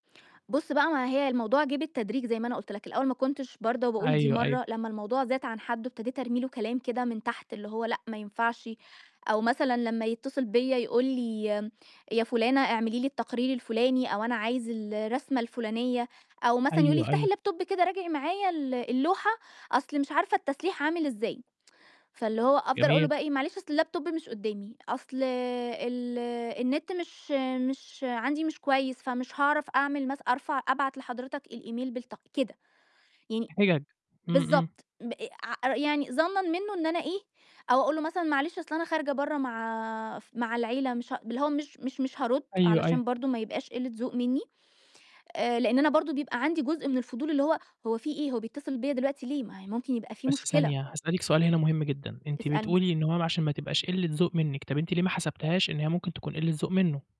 بُص بقى ما هي الموضوع جِه بالتدريج زي ما أنا قلت لك، الأول ما كنتش بارْضَى وباقول دي أيوه، أيوه. مرة، لمّا الموضوع زاد عن حدّه، ابتديت أرمي له كلام كده من تحت، اللي هو لأ ما ينفعش، أو مثلًا لمّا يتصل بيّا يقول لي يا فٌلانة اعملي لي التقرير الفٌلاني أو "أنا عايز الرسمة،" الفٌلانية أو مثلًا يقول لي: أيوه، "افتحي أيوه. اللاب توب كده، راجعي معايا ال اللوحة أصل مش عارفة التسليح عامل إزاي؟" فاللي هو أفضَل أقول له جميل. بقي إيه: "معلش أصل اللاب توب مش قدامي، أصل ال النت مش مش عندي مش كويس، فمش هاعرف أعمل مث أرفع أبعت لحضرتك الإيميل بالتق" كده. يعني حجَج. إمم، إمم. بالضبط، ب ع يعني ظَنًا منه إن أنا إيه أو أقول له مثلًا معلش أصل أنا خارجة برّا مع مع العيلة مش ه اللي هو مش مش مش هارد أيوه، أيوه. علشان برضه ما يبقاش قلّة ذوق مني، آآ لأن أنا برضه بيبقى عندي جزء من الفضول، اللي هو، هو في إيه؟ هو بيتصل بيّا دلوقتي ليه؟ ما هي ممكن يبقى في بس مشكلة. ثانية هاسألِك سؤال هِنَا مهم جدًا، أنتِ اسألني. بتقولي إن هو عشان ما تبقاش قلّة ذوق منِك، طَب أنتِ ليه ما حسبتِيهاش إن هي ممكن تكون قلّة ذوق منه؟